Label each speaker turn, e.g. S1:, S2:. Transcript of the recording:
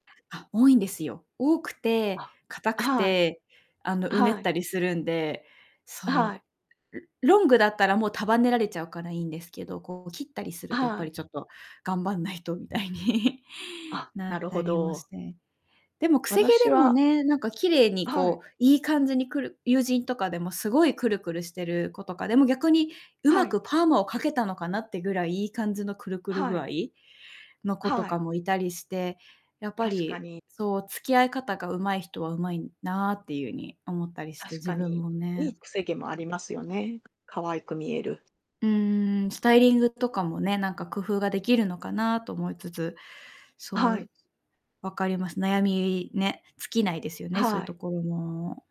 S1: あ、多いんですよ。多くて、
S2: あ。
S1: 硬
S2: あ、
S1: く
S2: はい。
S1: て、あの
S2: あ、
S1: うね
S2: は
S1: っ
S2: い。
S1: たりするんで、
S2: あ、は
S1: そ
S2: い。
S1: う。ロングだったらもう束ねられちゃうからいいんですけど、こう切ったりすると
S2: あ、
S1: やっ
S2: は
S1: ぱ
S2: い。
S1: りちょっと頑張んないとみたいに。
S2: あ、
S1: な
S2: な
S1: っ
S2: る
S1: た
S2: ほ
S1: りもし
S2: ど。
S1: て。でもくせ毛
S2: 私
S1: でも
S2: は
S1: ね、なんか綺麗に
S2: あ、はい。
S1: こう、いい感じにクル友人とかでもすごいクルクルしてる子とか、でも逆にう
S2: は
S1: ま
S2: い。
S1: くパーマをかけたのかなってぐらいいい感じのクルクル
S2: は
S1: 具
S2: い。
S1: 合の子と
S2: はい。
S1: かもいたりして、やっぱ
S2: 確か
S1: り
S2: に。
S1: そう付き合い方が上手い人は上手いなっていうに思ったりして、
S2: 確
S1: 自
S2: か
S1: 分
S2: に、
S1: も
S2: い
S1: ね。
S2: いくせ毛もありますよね、可愛く見える。
S1: うーん、スタイリングとかもね、なんか工夫ができるのかなと思いつつ、
S2: あ、
S1: そ
S2: はい。
S1: う、わかります。悩みね、尽きないですよ
S2: あ、
S1: ね、そういう
S2: はい。
S1: ところも。